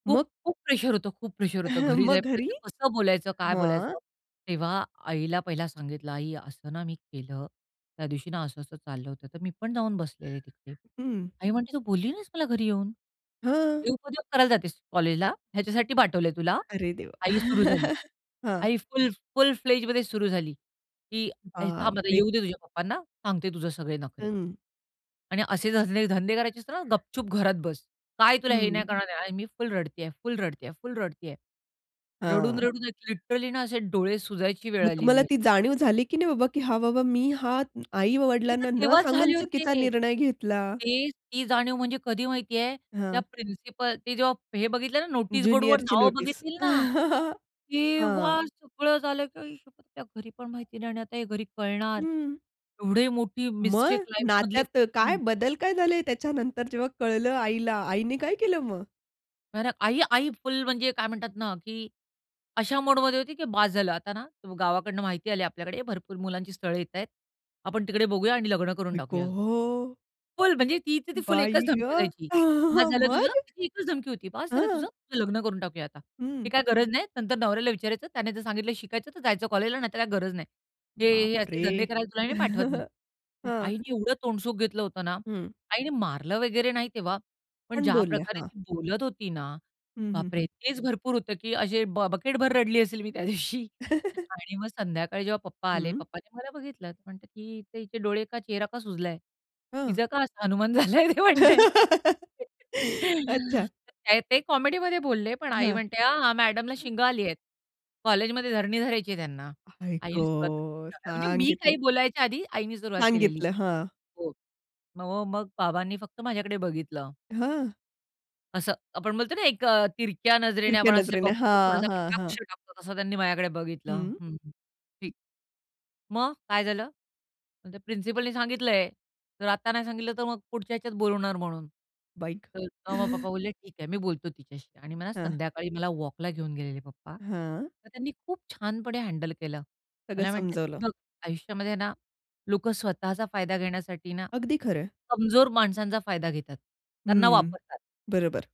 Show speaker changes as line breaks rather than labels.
मग?
खूप-खूप प्रेशर होतं. खूप प्रेशर होतं. घरी
मग घरी?
जायपर्यंत कसं बोलायचं, काय
हां?
बोलायचं. तेव्हा आईला पहिला सांगितलं. आई असं ना मी केलं. त्या दिवशी ना असं-असं चाललं होतं, तर मी पण जाऊन बसलेले तिथे.
हं.
आई म्हणते, "तू बोलली नाहीस मला घरी येऊन?
हं.
हे उपद्व्याप करायला जातेस कॉलेजला? ह्याच्यासाठी पाठवलंय तुला?"
अरे देवा!
आई सुरू झाली.
हां.
आई फुल फुल-फ्लेजमध्ये सुरू झाली की
बाप
"थांब आता
रे
येऊ दे तुझ्या पप्पांना. सांगते तुझं सगळे नखरे"
हं.
"आणि असे धंदे धंदे करायचे असतील ना तर गपचूप घरात बस. काय तुला हे
हं.
नाही करणार नाही" आणि मी फुल रडतीये, फुल रडतीये, फुल रडतीये.
हां.
रडून-रडून लिटरली ना असे डोळे सुजायची वेळ
मग
आलेली
तुम्हाला ती
माझी.
जाणीव झाली की नाही बाबा की "हां बाबा, मी हा
ते तर
आई-वडिलांना न
तेव्हाच
सांगून
झाले
चुकीचा
होते.
निर्णय घेतला"?
ते ती जाणीव म्हणजे कधी माहिती आहे? त्या
हां.
प्रिन्सिपल ते जेव्हा हे बघितलं ना नोटीस बोर्डवर
ज्युनियरची
नावं
नोटीस.
बघितली ना,
हां.
तेव्हा सगळं झालं की आई शप्पथ त्या घरी पण माहिती नाही आणि हे घरी कळणार.
हं.
एवढी मोठी मिस्टेक
मग?
लाईफमधली
नात्यात काय
[unintelligible]
बदल काय झाले त्याच्यानंतर जेव्हा कळलं आईला? आईनी काय केलं मग?
आणि आई आई फुल म्हणजे काय म्हणतात ना की अशा मोडमध्ये होती, की बास झालं आता ना गावाकडून माहिती आली आपल्याकडे. भरपूर मुलांची स्थळं येतायेत. आपण तिकडे बघूया आणि लग्न करून
आई
टाकूया.
गं!
फुल म्हणजे ती तर ती फुल एकच
बाई
धमकी
गं!
द्यायची. बास झालं तुझं.
मग?
ती एकच धमकी होती. बास झालं
हं.
तुझं. तुझं लग्न करून टाकूया आता. ते
हं.
काय गरज नाही. नंतर नवऱ्याला विचारायचं. त्याने जर सांगितलं शिकायचं, तर जायचं कॉलेजला नाही तर काही गरज नाही. हे,
बाप
हे असले
रे!
धंदे करायला तुला नाही पाठवत मी.
हं.
आईनी एवढं तोंडसुख घेतलं होतं ना.
हं.
आईने मारलं वगैरे नाही तेव्हा, पण
पण
ज्या
बोलल्या.
प्रकारे
हां.
ती बोलत होती ना,
हं, हं,
बापरे!
हं.
तेच भरपूर होतं, की असे ब बकेटभर रडली असेल मी त्यादिवशी आणि मग संध्याकाळी जेव्हा पप्पा आले.
हं.
पप्पांनी मला बघितलं. म्हणते की "हिचे हिचे डोळे का चेहरा का सुजलाय?"
हं.
तिचं का असा हनुमान झालाय ते म्हणतायेत.
अच्छा.
काय ते कॉमेडीमध्ये बोलले, पण आई
हं.
म्हणते, "हां, हां. मॅडमला शिंगं आली आहेत. कॉलेजमध्ये धरणी धरायची आहे त्यांना."
आई
आईने सुरुवात केली
गं!
अ, अ, म्हणजे मी
सांगितलं.
काही बोलायच्या आधी आईनी सुरुवात केलेली.
सांगितलं. हां.
हो. म म मग बाबांनी फक्त माझ्याकडे बघितलं.
हां.
असं आपण बोलतो ना एक अ, तिरक्या नजरेने
तिरक्या
आपण असे
नजरेने.
बघतो
हां,
थोडासा
हां, हां.
कटाक्ष टाकतो तसं त्यांनी माझ्याकडे बघितलं.
हं.
"हं, हं. ठीक. मग? काय झालं?" "मग त्या प्रिन्सिपलने सांगितलंय. तर आत्ता नाही सांगितलं तर मग पुढच्या ह्याच्यात बोलवणार म्हणून."
बाई गं!
तर मग पप्पा बोलले, "ठीक आहे. मी बोलतो तिच्याशी" आणि मला
हां.
संध्याकाळी मला वॉकला घेऊन गेलेले पप्पा.
हां.
तर त्यांनी खूप छानपणे हँडल केलं.
सगळं
मला म्हणतात, की
समजवलं.
"बघ आयुष्यामध्ये ना लोकं स्वतःचा फायदा घेण्यासाठी ना
अगदी खरंय.
कमजोर माणसांचा फायदा घेतात. त्यांना
हं.
वापरतात."
बरोबर.